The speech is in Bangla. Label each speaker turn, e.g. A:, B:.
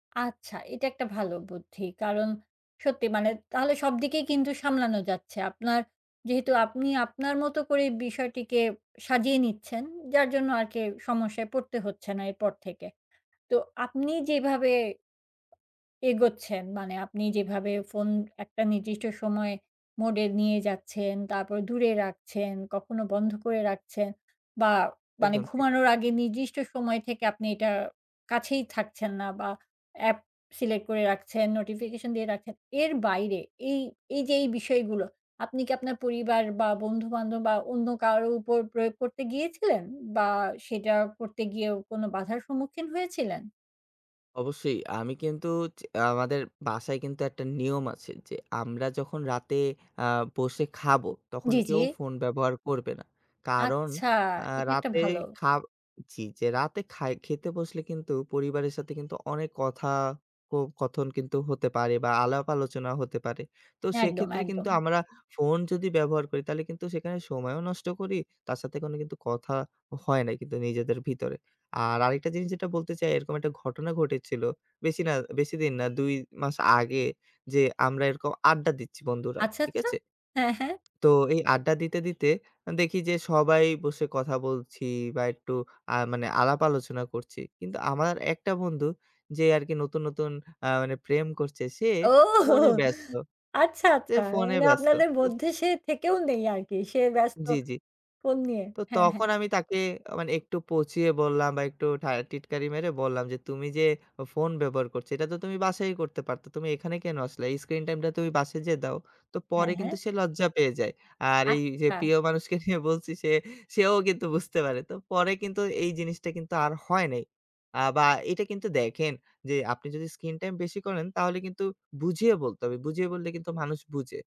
A: আচ্ছা এটা একটা ভালো বুদ্ধি। কারণ, সত্যি মানে তাহলে সবদিকেই কিন্তু সামলানো যাচ্ছে। আপনার, যেহেতু আপনি আপনার মত করে বিষয়টিকে সাজিয়ে নিচ্ছেন। যার জন্য আর কি সমস্যায় পড়তে হচ্ছে না এরপর থেকে। তো আপনি যেভাবে, এগোচ্ছেন। মানে আপনি যেভাবে phone একটা নির্দিষ্ট সময় mode নিয়ে যাচ্ছেন। তারপর দূরে রাখছেন, কখনো বন্ধ করে রাখছেন বা, মানে
B: একদম ঠিক।
A: ঘুমানোর আগে। নির্দিষ্ট সময় থেকে আপনি এটা কাছেই থাকছেন না বা, অ্যাপ select করে রাখছেন, notification দিয়ে রাখছেন। এর বাইরে এই এই যে এই বিষয়গুলো, আপনি কি আপনার পরিবার বা, বন্ধুবান্ধব বা, অন্য কারো উপর প্রয়োগ করতে গিয়েছিলেন? বা, সেটা করতে গিয়েও কোনো বাধার সম্মুখীন হয়েছিলেন?
B: অবশ্যই আমি কিন্তু, যে আমাদের বাসায় কিন্তু, একটা নিয়ম আছে। যে আমরা যখন রাতে আ বসে খাবো। তখন
A: জ্বী জ্বী।
B: কেউ phone ব্যবহার করবে না। কারণ
A: আচ্ছা,
B: আ
A: এটা একটা
B: রাতে
A: ভালো।
B: খা ...চ্ছি যে রাতে খাই খেতে বসলে কিন্তু, পরিবারের সাথে কিন্তু, অনেক কথা ক কথন কিন্তু হতে পারে বা, আলাপ আলোচনা হতে পারে। তো
A: একদম,
B: সেক্ষেত্রে কিন্তু
A: একদম।
B: আমরা phone যদি ব্যবহার করি তাহলে কিন্তু সেখানে সময়ও নষ্ট করি। তার সাথে কোনো কিন্তু কথা হয় নাই কিন্তু নিজেদের ভিতরে। আর আরেকটা জিনিস যেটা বলতে চাই এরকম একটা ঘটনা ঘটেছিল। বেশি না, বেশিদিন না, ২ মাস আগে যে আমরা এরকম আড্ডা দিচ্ছি বন্ধুরা।
A: আচ্ছা,
B: ঠিক
A: আচ্ছা,
B: আছে?
A: হ্যাঁ, হ্যাঁ।
B: তো এই আড্ডা দিতে দিতে দেখি, আ যে সবাই বসে কথা বলছি বা, একটু আ মানে আলাপ আলোচনা করছি। কিন্তু আমার একটা বন্ধু যে আরকি নতুন নতুন আ মানে প্রেম করছে সে
A: ওহোহো!
B: ফোনে ব্যস্ত।
A: আচ্ছা
B: সে
A: আচ্ছা।
B: phone
A: মানে
B: ব্যস্ত
A: আপনাদের
B: phone তো
A: মধ্যে সে থেকেও নেই আরকি। সে ব্যস্ত
B: জ্বী, জ্বী,
A: phone নিয়ে।
B: তো
A: হ্যাঁ হ্যাঁ।
B: তখন আমি তাকে আ মানে একটু পচিয়ে বললাম বা একটু ঠা টিটকারি মেরে বললাম। যে তুমি যে phone ব্যবহার করছো, এটা তো তুমি বাসায় করতে পারতো। তুমি এখানে কেন আসলে? এই স্ক্রিন screen time টা তুমি বাসায় যেয়ে দাও। তো
A: হ্যাঁ,
B: পরে
A: হ্যাঁ।
B: কিন্তু সে লজ্জা পেয়ে যায়। আর এই যে
A: আচ্ছা।
B: প্রিয় মানুষকে নিয়ে বলছি। সে সেও কিন্তু বুঝতে পারে। তো পরে কিন্তু এই জিনিসটা কিন্তু আর হয় নাই আ বা এটা কিন্তু দেখেন। যে আপনি যদি screen time বেশি করেন তাহলে কিন্তু বুঝিয়ে বলতে হবে। বুঝিয়ে বললে কিন্তু মানুষ বুঝে।